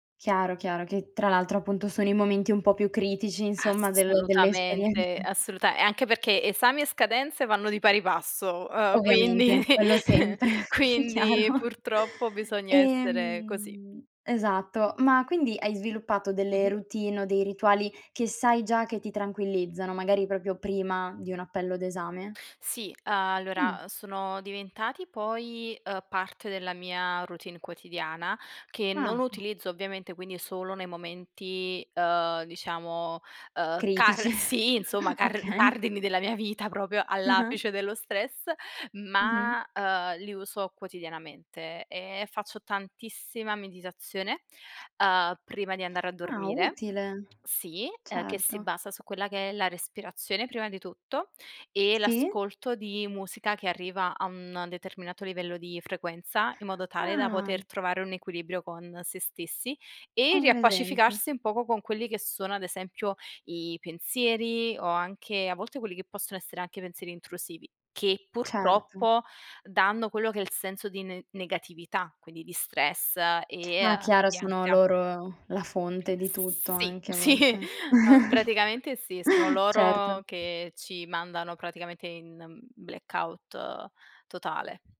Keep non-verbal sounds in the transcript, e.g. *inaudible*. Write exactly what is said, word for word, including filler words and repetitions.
Chiaro, chiaro, che tra l'altro appunto sono i momenti un po' più critici, insomma, del delle esperienze. Assolutamente, assoluta e anche perché, esami e scadenze vanno di pari passo, ehm, Ovviamente, quindi quello sempre, quindi, chiaro. purtroppo, bisogna essere così. Ehm, esatto, ma quindi hai sviluppato delle Mh-mh. routine o dei rituali, che sai già che ti tranquillizzano, magari propio prima, di un appello d'esame? Sì, Mh. allora, sono diventati poi, ehm, parte della mia routine quotidiana, che Ah. non utilizzo ovviamente, quindi solo nei momenti, ehm, diciamo, ehm, Critici, car sì insomma, car okay. cardini della mia vita, proprio, Ah-ah. all'apice dello stress, Mh-mh. ma, ehm, li uso quotidianamente, e faccio tantissima meditazione, ehm, prima di andare a Ah, dormire utile. sì, ehm, che si Certo. basa su quella che è la respirazione, prima di tutto, e Sì. l'ascolto di musica che arriva a un determinato livello di frequenza, in modo tale da Ah. poter trovare un equilibrio con sé stessi, e Ho presente. riappacificarsi un poco con quelli che sono, ad esempio, i pensieri o anche, a volte, quelli che possono essere anche pensieri intrusivi, che Certo. purtroppo, danno quello che è il senso di ne negatività, quindi di stress, e Ah, a chiara, di sono ansia. loro, la fonte di tutto Sì, anche a sì, volte. ao *chuckles* praticamente sì, sono Certo. loro che ci mandano praticamente in, mhmm, blackout totale.